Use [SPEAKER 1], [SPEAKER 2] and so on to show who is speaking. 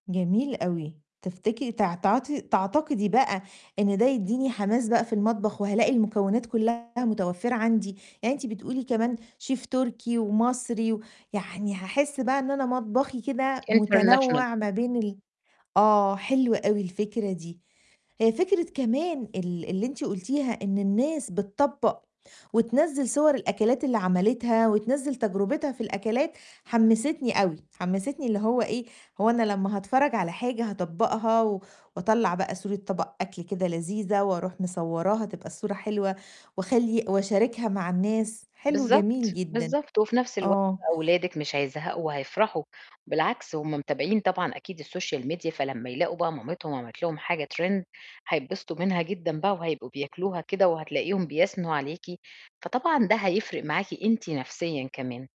[SPEAKER 1] جميل أوي تفتكري تع تعاطي تعتقدي بقى إن ده يديني حماس بقى في المطبخ وهالاقي المكونات كلّها متوفرة عندي، يعني أنتِ بتقولي كمان شيف تركي ومصري و يعني هاحس بقى إن أنا مطبخي كده
[SPEAKER 2] international
[SPEAKER 1] متنوع ما بين ال آه، حلوة أوي الفكرة دي. هي فكرة كمان ال اللي أنتِ قُلتيها إن الناس بتطبق وتِنزّل صور الأكلات اللي عملِتها وتِنزّل تجربتها في الأكلات، حمسِتني أوي، حمسِتني اللي هو إيه، هو أنا لمّا هاتفرج على حاجة، هاطبقها وأطلّع بقى صورة طبق أكل كده لذيذة وأروح مصورَّاها تبقى الصورة حلوة واخلّي واشارِكها مع الناس، حلو،
[SPEAKER 2] بالضبط،
[SPEAKER 1] جميل جدًا
[SPEAKER 2] بالضبط وفي نفس الوقت
[SPEAKER 1] آه.
[SPEAKER 2] أولادِك مش هيزهقوا وهيفرحوا، بالعكس هُم متابعين طبعًا أكيد الsocial media فلمّا يلاقوا بقى مامِتهم عملِت لهم حاجة trend هيتبسطوا منها جدًا بقى وهيبقوا بياكلوها كده وهتلاقيهم بيثنوا عليكِ. فطبعًا ده هيفرق معاكِ أنتِ نفسيًا كمان.